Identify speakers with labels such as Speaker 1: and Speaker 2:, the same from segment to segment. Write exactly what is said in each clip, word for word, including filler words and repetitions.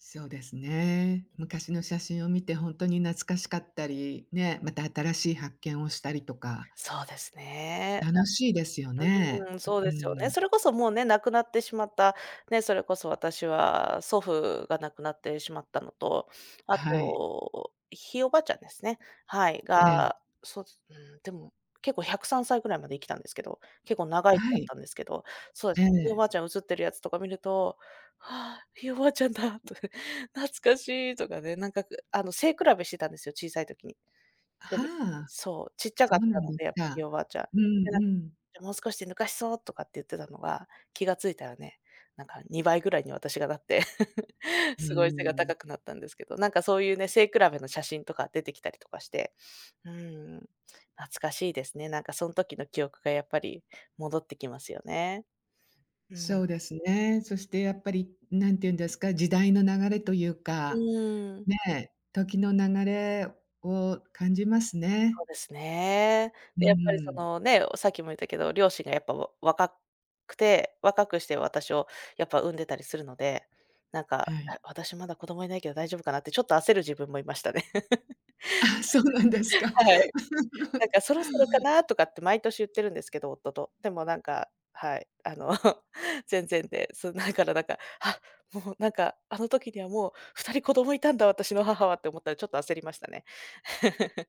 Speaker 1: そうですね。昔の写真を見てほんとに懐かしかったり、ね、また新しい発見をしたりとか。
Speaker 2: そうですね。
Speaker 1: 楽しいですよ
Speaker 2: な
Speaker 1: ね。
Speaker 2: んうん、
Speaker 1: う
Speaker 2: そう
Speaker 1: う
Speaker 2: ですよね。
Speaker 1: ん。
Speaker 2: それこそもうね、亡くなってしまった、ね、それこそ私は祖父が亡くなってしまったのと、あ
Speaker 1: はい。
Speaker 2: と、ひいおばあちゃんですね。はい。
Speaker 1: ええ。
Speaker 2: がそう、すうーんでも、結構ひゃくさんさいぐらいまで生きたんですけど、結構長生
Speaker 1: は
Speaker 2: だっ
Speaker 1: い。
Speaker 2: たんですけど。そえ
Speaker 1: え
Speaker 2: ひいお
Speaker 1: え。
Speaker 2: ばあちゃん写っているやつとか見ると、はあ、ひいおばあちゃんだと、懐かしいとかね、なんか、くあの、背比べしてたんですよ、小さい時に。ぽ
Speaker 1: は
Speaker 2: げ
Speaker 1: あ、
Speaker 2: そう、ちっちゃ
Speaker 1: そ
Speaker 2: かっ
Speaker 1: うな
Speaker 2: たの
Speaker 1: んで
Speaker 2: で、やっぱひい
Speaker 1: か。
Speaker 2: おばあちゃん。
Speaker 1: うん、
Speaker 2: てな
Speaker 1: う
Speaker 2: げ、
Speaker 1: ん。
Speaker 2: で、もう少しで抜かしそうとかって言ってたのが、気が付いたらね、なんかにばいぐらいに私がなって、
Speaker 1: うー
Speaker 2: すごい背が
Speaker 1: ん。
Speaker 2: 高くなったんですけど、なんかそういうね、背比べの写真とか出てきたりとかして。うん。懐かしいですね。なんかその時の記憶がやっぱり戻ってきますよね。うん。
Speaker 1: そうですね。そしてやっぱり、なんていうんですか、時代の流れという
Speaker 2: う
Speaker 1: か、
Speaker 2: ん。
Speaker 1: ね、時の流れを感じますね。
Speaker 2: そうですね。
Speaker 1: う
Speaker 2: で、やっぱり
Speaker 1: ー
Speaker 2: そ
Speaker 1: ん。
Speaker 2: のね、おさっきも言ったけど、両親がやっぱを若くて、若くして私をやっぱ産んでたりするので、なん
Speaker 1: は
Speaker 2: か、
Speaker 1: い。
Speaker 2: へ、私まだ子供いないけど大丈夫かなってちょっと焦る自分もいましたね。
Speaker 1: あ、そうなんですか。
Speaker 2: はい。なん かそろそろかなとかって毎年言ってるんですけど、夫と。でもなんか、はい。あの、全然で。そ、なからなんか、あ、もうなんか、あの時にはもうふたり子供いたんだ私の母はって思ったら、ちょっと焦りましたね。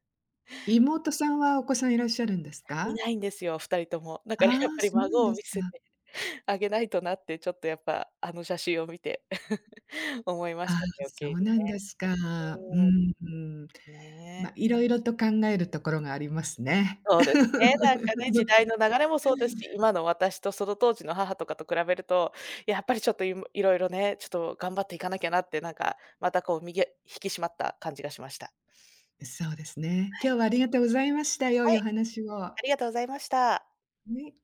Speaker 1: 妹さんはお子さんいらっしゃるんです
Speaker 2: い
Speaker 1: か？
Speaker 2: ないんですよ、二人とも。だからやっ
Speaker 1: ああ、
Speaker 2: ぱり
Speaker 1: そうなん
Speaker 2: 孫を
Speaker 1: です
Speaker 2: 見せ
Speaker 1: か。
Speaker 2: てあげないとなって、ちょっとやっぱ、あの写真を見て、思いま
Speaker 1: あ
Speaker 2: し
Speaker 1: あ、
Speaker 2: たね。余計
Speaker 1: そ
Speaker 2: に
Speaker 1: うなんですか。う
Speaker 2: ね。
Speaker 1: ーん。
Speaker 2: うん。ね。
Speaker 1: ま、いろいろと考えるところがありますね。
Speaker 2: そうですね、なんかね、時代の流 れもそうですし、今の私とその当時の母とかと比べると、やっぱりちょっといむいろいろね、ちょっと頑張っていかなきゃなって、なんかまたこう身げ引き締まった感じがしました。
Speaker 1: うそうですね。
Speaker 2: は
Speaker 1: 今
Speaker 2: い。
Speaker 1: 日はありがとうございました。良
Speaker 2: は
Speaker 1: いお
Speaker 2: い。
Speaker 1: 話を。
Speaker 2: ありがとうございました。
Speaker 1: ね。